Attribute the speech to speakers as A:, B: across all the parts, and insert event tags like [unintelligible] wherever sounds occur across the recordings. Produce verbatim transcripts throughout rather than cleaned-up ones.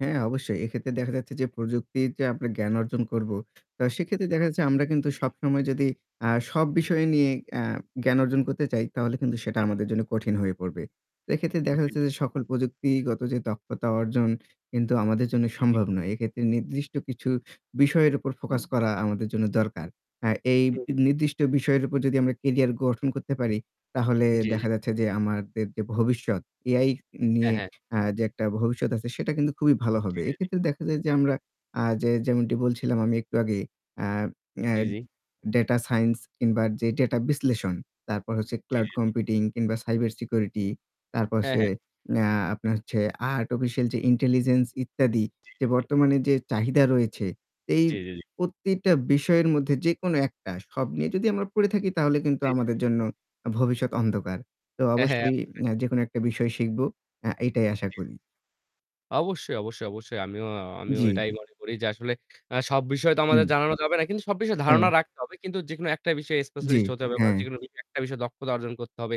A: হ্যাঁ, অবশ্যই, এক্ষেত্রে দেখা যাচ্ছে যে প্রযুক্তির যে আমরা জ্ঞান অর্জন করবো, তো সেক্ষেত্রে দেখা যাচ্ছে আমরা কিন্তু
B: জী, জী।
A: সবসময় যদি আ সব বিষয় নিয়ে আ জ্ঞান অর্জন করতে চাই তাহলে কিন্তু সেটা
B: [unintelligible]
A: আমাদের জন্য কঠিন হয়ে পড়বে। এক্ষেত্রে
B: জী,
A: দেখা যাচ্ছে
B: জী।
A: যে সকল প্রযুক্তিগত যে দক্ষতা অর্জন কিন্তু আমাদের জন্য
B: জী, জী।
A: সম্ভব নয়। এক্ষেত্রে নির্দিষ্ট কিছু বিষয়ের উপর ফোকাস করা আমাদের জন্য দরকার। হ্যাঁ এই
B: হু, হু।
A: নির্দিষ্ট বিষয়ের উপর যদি আমরা কেরিয়ার গঠন করতে পারি, তাহলে
B: জী, জী।
A: দেখা যাচ্ছে যে আমাদের যে ভবিষ্যৎ, AI
B: হ্যাঁ,
A: নিয়ে
B: হ্যাঁ।
A: আ যে একটা ভবিষ্যৎ আছে, সেটা কিন্তু খুবই ভালো হবে।
B: জী, জী, জী।
A: এক্ষেত্রে দেখা যায় যে আমরা আ যে, যেমনটি বলছিলাম আমি একটু আগে আ অ্যা
B: জী, জী।
A: ডাটা সাইন্স কিংবা যে ডাটা বিশ্লেষণ, তারপর হচ্ছে
B: জী,
A: ক্লাউড
B: জী, জী।
A: কম্পিউটিং কিংবা সাইবার সিকিউরিটি তারপর হচ্ছে
B: হ্যাঁ, হ্যাঁ।
A: আ আপনার হচ্ছে আর্টিফিসিয়াল যে ইন্টেলিজেন্স ইত্যাদি,
B: জী,
A: যে
B: জী, জী।
A: বর্তমানে যে চাহিদা রয়েছে এই
B: জী, জী, জী।
A: প্রত্যেকটা বিষয়ের মধ্যে যেকোনো একটা সব নিয়ে যদি আমরা পড়ে থাকি তাহলে কিন্তু
B: জী, জী,
A: আমাদের
B: জী।
A: জন্য ভবিষ্যৎ অন্ধকার। তো
B: হ্যাঁ, হ্যাঁ,
A: অবশ্যই
B: অবশ্যই।
A: অ্যা যেকোনো একটা বিষয় শিখবো অ্যা এটাই আশা
B: জী, জী।
A: করি।
B: অবশ্যই, অবশ্যই, অবশ্যই। আমিও আমিও
A: জী।
B: এটাই মনে করি যে আসলে আ সব বিষয় তো
A: হুম।
B: আমাদের জানানো যাবে না। কিন্তু সব বিষয়ে ধারণা
A: হ্যাঁ।
B: রাখতে হবে। কিন্তু যেকোনো একটা বিষয়ে
A: জী,
B: স্পেশালিস্ট হতে হবে বা
A: হ্যাঁ।
B: যেকোনো একটা বিষয়ে দক্ষতা অর্জন করতে হবে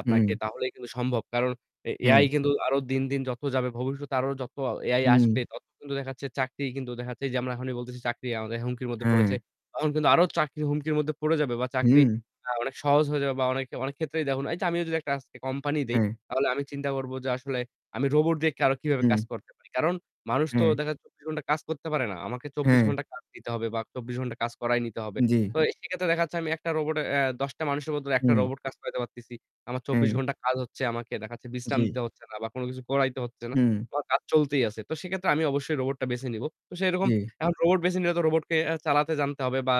B: আপনাকে।
A: হুম।
B: তাহলেই কিন্তু সম্ভব। কারণ এ AI
A: হ্যাঁ।
B: কিন্তু আরো দিন, দিন যত যাবে ভবিষ্যতে আরো যত AI
A: হু।
B: আসবে তত কিন্তু দেখাচ্ছে। চাকরিই কিন্তু দেখাচ্ছে যে আমরা এখনই বলতেছি চাকরি আমাদের হুমকির মধ্যে পড়েছে।
A: হ্যাঁ।
B: তখন কিন্তু আরো চাকরি হুমকির মধ্যে পড়ে যাবে বা চাকরি
A: হুম।
B: আ অনেক সহজ হয়ে যাবে বা অনেক অনেক ক্ষেত্রেই দেখুন এই যে আমি যদি একটা আজকে কোম্পানি দেই,
A: হ্যাঁ।
B: তাহলে আমি চিন্তা করব যে আসলে আমি রোবট দিয়ে কারো কিভাবে
A: হুম।
B: কাজ করতে পারি। কারণ মানুষ তো
A: হ্যাঁ।
B: দেখা যাচ্ছে চব্বিশ ঘন্টা কাজ করতে পারে না। আমাকে চব্বিশ
A: হ্যাঁ।
B: ঘন্টা কাজ দিতে হবে বা চব্বিশ ঘন্টা কাজ করাই নিতে হবে।
A: জী।
B: তো এ সেক্ষেত্রে দেখাচ্ছে আমি একটা রোবটে আ দশ টা মানুষের বদলে একটা
A: হুম।
B: রোবট কাজ করাইতে পারতেছি। আমার চব্বিশ
A: হ্যাঁ।
B: ঘন্টা কাজ হচ্ছে আমাকে দেখাচ্ছে বিশ্রাম
A: জী।
B: দিতে হচ্ছে না বা কোন কিছু করাইতে হচ্ছে না।
A: হুম।
B: তো আমার কাজ চলতেই আছে। তো সেক্ষেত্রে আমি অবশ্যই রোবটটা বেছে নিবো। তো সেরকম
A: জী।
B: এখন রোবট বেছে নিলে তো রোবটকে অ্যা চালাতে জানতে হবে বা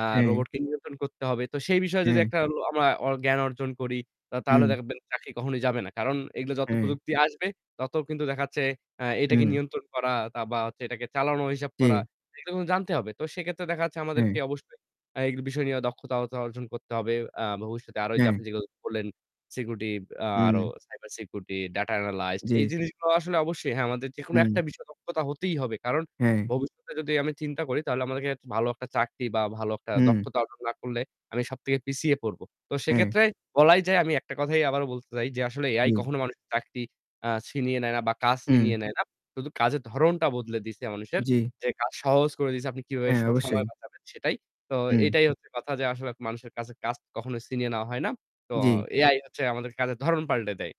B: আ
A: হ্যাঁ।
B: রোবটকে নিয়ন্ত্রণ করতে হবে। তো সেই বিষয়ে যদি
A: হ্যাঁ।
B: একটা ল আমা ওর জ্ঞান অর্জন করি তা তাহলে
A: হুম।
B: দেখবেন চাকরি কখনোই যাবে না। কারণ এগুলো যত
A: হ্যাঁ।
B: প্রযুক্তি আসবে তত কিন্তু দেখাচ্ছে আ এটাকে
A: হুম।
B: নিয়ন্ত্রণ করা তা বা হচ্ছে এটাকে চালানো হিসাব করা
A: জী।
B: এগুলো কিন্তু জানতে হবে। তো সেক্ষেত্রে দেখা যাচ্ছে আমাদেরকে
A: হ্যাঁ।
B: অবশ্যই আ এগ বিষয় নিয়ে দক্ষতাহতা অর্জন করতে হবে। আ ভবিষ্যতে আরো ওইযে আপনি
A: হ্যাঁ।
B: যেগুলো বললেন সিকিউরিটি আরো
A: হুম।
B: সাইবার সিকিউরিটি, ডাটা এনালাইজড এই
A: জী।
B: জিনিসগুলো আসলে অবশ্যই, হ্যাঁ, আমাদের যেকোনো একটা
A: হুম।
B: বিষয় দক্ষতা হতেই হবে। কারণ
A: হ্যাঁ।
B: ভবিষ্যতে যদি আমি চিন্তা করি তাহলে আমাগেরক ভালো একটা চাকরি বা ভালো একটা
A: হুম।
B: দক্ষতা অর্জন না করলে আমি সব থেকে পিছিয়ে পড়ব। তো
A: হ্যাঁ।
B: সেক্ষেত্রে বলাই যায়, আমি একটা কথাই আবারও বলতে চাই যে আসলে AI
A: জী।
B: কখনো মানুষের চাকরি আ ছিনিয়ে নেয় না বা কাজ
A: হুম।
B: ছিনিয়ে নেয় না। শুধু কাজের ধরনটা বদলে দিয়েছে মানুষের।
A: জী।
B: যে কাজ সহজ করে দিয়েছে আপনি কিভাবে
A: হ্যাঁ,
B: স
A: অবশ্যই।
B: সময় বাঁচাবেন সেটাই। তো
A: হুম।
B: এটাই হচ্ছে কথা যে আসলে মানুষের কাজের কাজ কখনো ছিনিয়ে নেওয়া হয় না। তো
A: জী।
B: AI হচ্ছে আমাদের কাজের ধরন পাল্টে দেয়।